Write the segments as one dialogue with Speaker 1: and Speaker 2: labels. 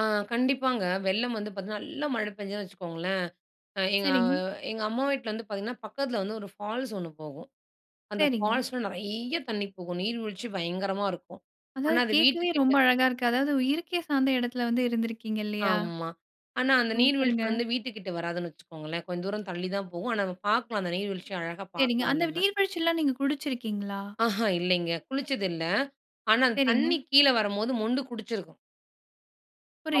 Speaker 1: ஆ கண்டிப்பாங்க. வெள்ளம் வந்து பார்த்தீங்கன்னா, நல்ல மழை பெஞ்சதுன்னு வச்சுக்கோங்களேன்! அ எங்க அ
Speaker 2: சரிங்க.
Speaker 1: எங்க அம்மா வீட்ல வந்து பார்த்தீங்கன்னா, பக்கத்தில வந்து ஒரு ஃபால்ஸ் ஒண்ணு போகும். அந்த
Speaker 2: சரிங்க.
Speaker 1: ஃபால்ஸ்ல நெறைய தண்ணீ போகும். நீர்வீழ்ச்சி பயங்கரமா இருக்கும், ஆனா
Speaker 2: அதாவது
Speaker 1: அது
Speaker 2: கேட்கவே ரொம்ப
Speaker 1: வீட்டுக்கிட்ட
Speaker 2: அழகா இருக்கு. அதாவது இயற்கை சார்ந்த இடத்தில வந்து இருந்திருக்கீங்க, இல்லயா!
Speaker 1: ஆமா. ஆனா, அந்த நீர்வீழ்ச்சி
Speaker 2: சூப்பருங்க!
Speaker 1: வந்து வீட்டுக்கிட்டே வராதுன்னு வச்சுக்கோங்களேன்! கொஞ்ச தூரம் தள்ளி தான் போகும். ஆனா, நம்ம பார்க்கலாம். அந்த நீர்வீழ்ச்சிய அழகா
Speaker 2: சரிங்க.
Speaker 1: பார்க்கலாம்
Speaker 2: அந்த
Speaker 1: நம்ம.
Speaker 2: நீர்வீழ்ச்சில்லாம் நீங்க குடிச்சிருக்கீங்களா?
Speaker 1: ஆஹா. இல்லேங்க. குளிச்சது இல்ல. ஆனா, அந்த
Speaker 2: சரிங்க.
Speaker 1: தண்ணீ கீழ வரும்போது மொண்டு குடிச்சிருக்கோம்.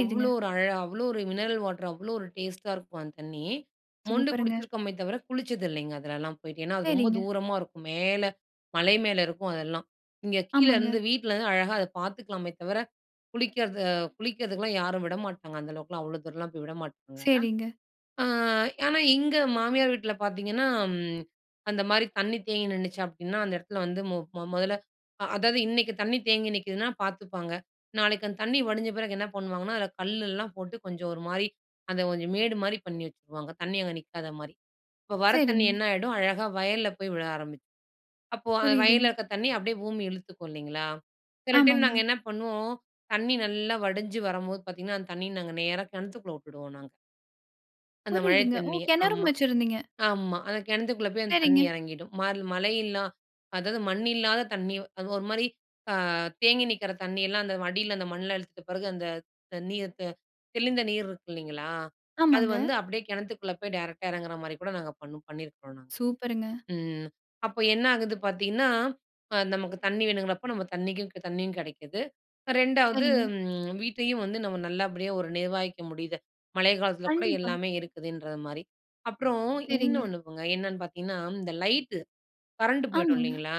Speaker 1: அவ்ளோ ஒரு அழ அவ்ளோ ஒரு மினரல் வாட்டரு. அவ்ளோ ஒரு டேஸ்ட்டா இருக்கும், அந்த தண்ணீ. மொண்டு
Speaker 2: சூப்பருங்க!
Speaker 1: குடிச்சிருக்கோமே தவிர, குளிச்சது இல்லேங்க அதுலெல்லாம் போயிட்டு. ஏன்னா, அது ரொம்ப
Speaker 2: சரிங்க.
Speaker 1: தூரமா இருக்கும். மேல, மலை மேல இருக்கும் அதெல்லாம். இங்க
Speaker 2: ஆமாங்க.
Speaker 1: கீழருந்து, வீட்லருந்து அழகா அத பார்த்துக்கலாமே தவிர, குளிக்கிறது அ குளிக்கிறதுக்குலாம் யாரும் விட மாட்டாங்க. அந்த அளவுக்குலாம், அவ்வளோ தூரம்லாம் போய் விட மாட்டாங்க.
Speaker 2: சரிங்க.
Speaker 1: ஆ ஆனா, இங்க மாமியார் வீட்ல பார்த்தீங்கன்னா, அம் அந்தமாரி தண்ணீ தேங்கி நின்னுச்சு. அப்பிடின்னா, அந்த இடத்துல வந்து மொ மொ மொதல்ல, அ அதாவது இன்னக்கி தண்ணீ தேங்கி நிக்கிதுன்னா, பார்த்துப்பாங்க. நாளைக்கு அந்த தண்ணீ வடிஞ்ச பிறகு என்ன பண்ணுவாங்கன்னா, அதில கல்லெல்லாம் போட்டு, கொஞ்சம் ஒருமாரி, அந்த கொஞ்சம் மேடுமாரி, பண்ணி வச்சுருவாங்க. தண்ணீ அங்க நிக்காதமாரி. இப்போ வர தண்ணீ
Speaker 2: சரிங்க.
Speaker 1: என்ன ஆயிடும், அழகா வயல்ல போய் விழ ஆரம்பிச் அப்போ அந்த வயல்ல
Speaker 2: புரியுதுங்க.
Speaker 1: இருக்க தண்ணீ, அப்பிடியே பூமி இழுத்துக்கும், இல்லேங்களா! சில டைம்
Speaker 2: ஆமாங்க.
Speaker 1: நாங்க என்ன பண்ணுவோம், தண்ணீ நல்லா வடிஞ்சி வரம்போது, பார்த்தீங்கன்னா அந்த தண்ணீய நாங்க நேரா கிணத்துக்குள்ள விட்டுடுவோம் நாங்க. அந்த மழை
Speaker 2: புரியுதுங்க. ஓ!
Speaker 1: தண்ணீய.
Speaker 2: கிணறும்
Speaker 1: ஆமா.
Speaker 2: வச்சிருந்தீங்க!
Speaker 1: ஆமா. அந்த கிணத்துக்குள்ள போய் அந்த தண்ணீ
Speaker 2: சரிங்க.
Speaker 1: இறங்கிடும். மல் மழை இல்லா அதாவது மண் இல்லாத தண்ணீ அது ஒருமாரி அ தேங்கி நிக்கிற தண்ணீயெல்லாம் அந்த அடியில அந்த மண்ணுல இழுத்த பிறகு, அந்த தண்ணீர் த தெளிந்த நீர் இருக்கு, இல்லீங்களா! அது
Speaker 2: ஆமாங்க.
Speaker 1: வந்து அப்பிடியே கிணத்துக்குள்ள போய் டைரக்ட்டா இறங்குறமாரி கூட, நாங்க பண்ணும் பண்ணியிருக்கிறோம் நாங்க.
Speaker 2: சூப்பருங்க!
Speaker 1: ம். அப்ப என்ன ஆகுது பார்த்தீங்கன்னா, அ நமக்கு தண்ணீ வேணுங்கிறப்போ, நம்ம தண்ணீக்கு, தண்ணியும் கிடைக்குது. 2 வது
Speaker 2: சரிங்க.
Speaker 1: ம் வீட்டையும் வந்து நம்ம நல்லபடியா ஒரு நிர்வாகிக்க முடியுது. மழை காலத்தில கூட
Speaker 2: கண்டிப்பா.
Speaker 1: எல்லாமே இருக்குதுன்றதுமாரி. அப்புறம்,
Speaker 2: சரிங்க.
Speaker 1: இன்னோன்னு போங்க. என்னன்னு பார்த்தீங்கன்னா, இந்த லைட்டு கரண்ட் போயிடும்,
Speaker 2: ஆமாங்க.
Speaker 1: இல்லேங்களா!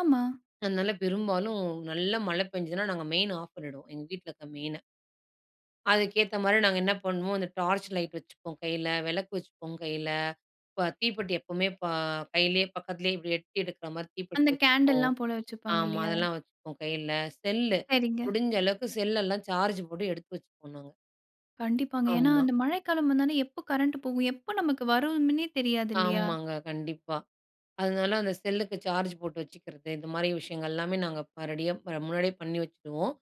Speaker 2: ஆமா.
Speaker 1: அதனால, பெரும்பாலும் நல்ல மழை பெஞ்சுதுனா, நாங்க மெயின் ஆஃப் பண்ணிடுவோம். எங்க வீட்ல இருக்கிற மெயின. அதுக்கேத்தமாரி நாங்க என்ன பண்ணுவோம், அந்த டார்ச் லைட் வச்சுப்போம் கையில. விளக்கு வச்சுப்போம், கையில. இப்ப தீப்பெட்டி எப்பவுமே ப கையிலயே பக்கத்துலயே, இப்பிடி எட்டி எடுக்கிறமாரி தீப்பெட்டி
Speaker 2: அந்த
Speaker 1: வச்சுப்போம்.
Speaker 2: கேன்டில்லாம் போல வச்சிப்பாங்க,
Speaker 1: ஆமா.
Speaker 2: இல்லயா!
Speaker 1: அதெல்லாம் வச்சுப்போம், கையில. செல்லு.
Speaker 2: சரிங்க.
Speaker 1: முடிஞ்ச அளவுக்கு செல் எல்லாம் சார்ஜ் போட்டு எடுத்து வச்சுப்போம் நாங்க.
Speaker 2: கண்டிப்பாங்க. ஏன்னா,
Speaker 1: ஆமா.
Speaker 2: அந்த மழைக்காலம் வந்தாலே, எப்ப கரண்ட் போகும்? எப்ப நமக்கு வருமின்னே தெரியாது, இல்லயா!
Speaker 1: ஆமாங்க. கண்டிப்பா. அதனால, அந்த செல்லுக்கு சார்ஜ் போட்டு வச்சுக்கிறது. இதுமாரி விஷயங்கள் எல்லாமே, நாங்க ப ரெடியா இப்ப முன்னாடியே பண்ணி வச்சிருவோம்.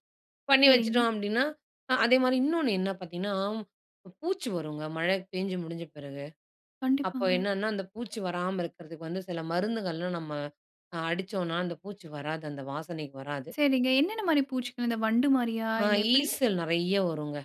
Speaker 1: பண்ணி
Speaker 2: சரிங்க.
Speaker 1: வச்சுட்டோம் அப்பிடின்னா, அ அதேமாரி இன்னோன்னு என்ன பார்த்தீங்கன்னா, பூச்சி வருங்க. மழை பேஞ்சு முடிஞ்ச பிறகு. அப்போ
Speaker 2: கண்டிப்பாங்க.
Speaker 1: என்னன்னா, அந்த பூச்சி வராம இருக்கிறதுக்கு வந்து, சில மருந்துகள்லாம் நம்ம அ அடிச்சோன்னா, அந்த பூச்சி வராது. அந்த வாசனைக்கு வராது.
Speaker 2: சரிங்க. என்னென்னமாரி பூச்சிகள்? அந்த வண்டு மாரியா!
Speaker 1: ஆ
Speaker 2: இல்ல எப்பிடி?
Speaker 1: ஈசல் நெறைய வருங்க.